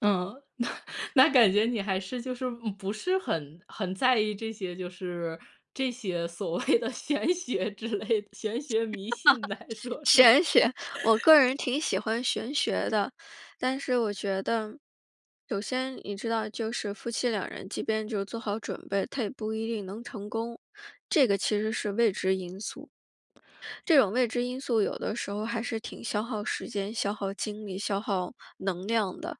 嗯，那那感觉你还是就是嗯，不是很很在意这些就是，这些所谓的玄学之类，玄 学迷信来说是吗？玄学，我 个人挺喜欢玄学的，但是我觉得，首先，你知道就是夫妻两人即便就是做好准备，他也不一定能成功，这个其实是未知因素。这种未知因素有的时候还是挺消耗时间、消耗精力、消耗能量的。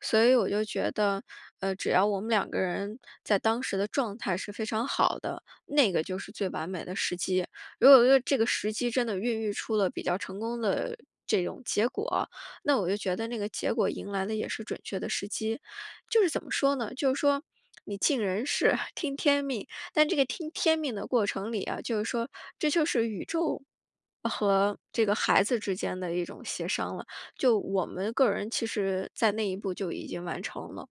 所以我就觉得，呃，只要我们两个人在当时的状态是非常好的，那个就是最完美的时机。如果说这个时机真的孕育出了比较成功的这种结果，那我就觉得那个结果迎来的也是准确的时机。就是怎么说呢，就是说你尽人事，听天命，但这个听天命的过程里啊，就是说，这就是宇宙，和这个孩子之间的一种协商了，就我们个人其实在那一步就已经完成了。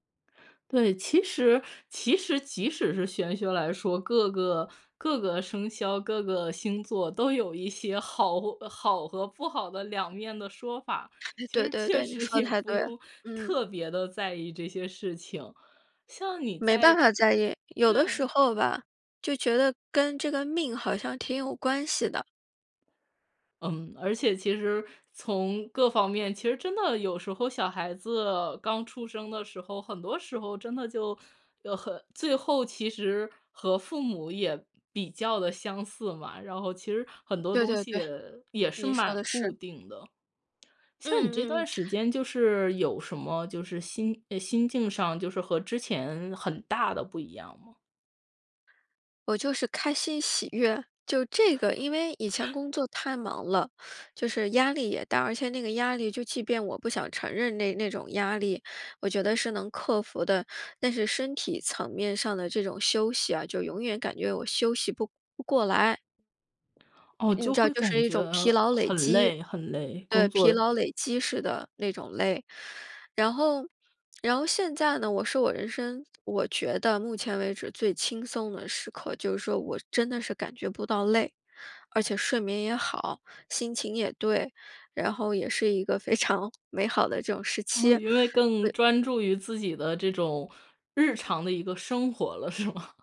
对，其实其实即使是玄学来说，各个各个生肖，各个星座都有一些好或好和不好的两面的说法，哎，其对实对确对，你实说得也太不对了，用嗯。特别地在意这些事情，像你没在办这法在意，有的时对。候吧，就觉得跟这个命好像挺有关系的。嗯，而且其实从各方面，其实真的有时候小孩子刚出生的时候，很多时候真的就，呃很最后其实和父母也比较得相似嘛，然后其实很多对东对西对，也也是你说得蛮固是。定的。像你嗯这嗯嗯。段时间就是有什么就是心唉，心境上就是和之前很大的不一样吗？我就是开心、喜悦，就这个，因为以前 工作太忙了，就是压力也大，而且那个压力就即便我不想承认那那种压力，我觉得是能克服的。但是身体层面上的这种休息啊，就永远感觉我休息不不过来。哦，你就知道会就感是一觉种疲劳累很积。累很累，工对，疲作劳累积式的那种累。然后然后现在呢，我是我人生我觉得目前为止最轻松的时刻，就是说我真的是感觉不到累。而且睡眠也好，心情也对，然后也是一个非常美好的这种时期。嗯，因为更对专注于自己的这种日常的一个生活了是吗？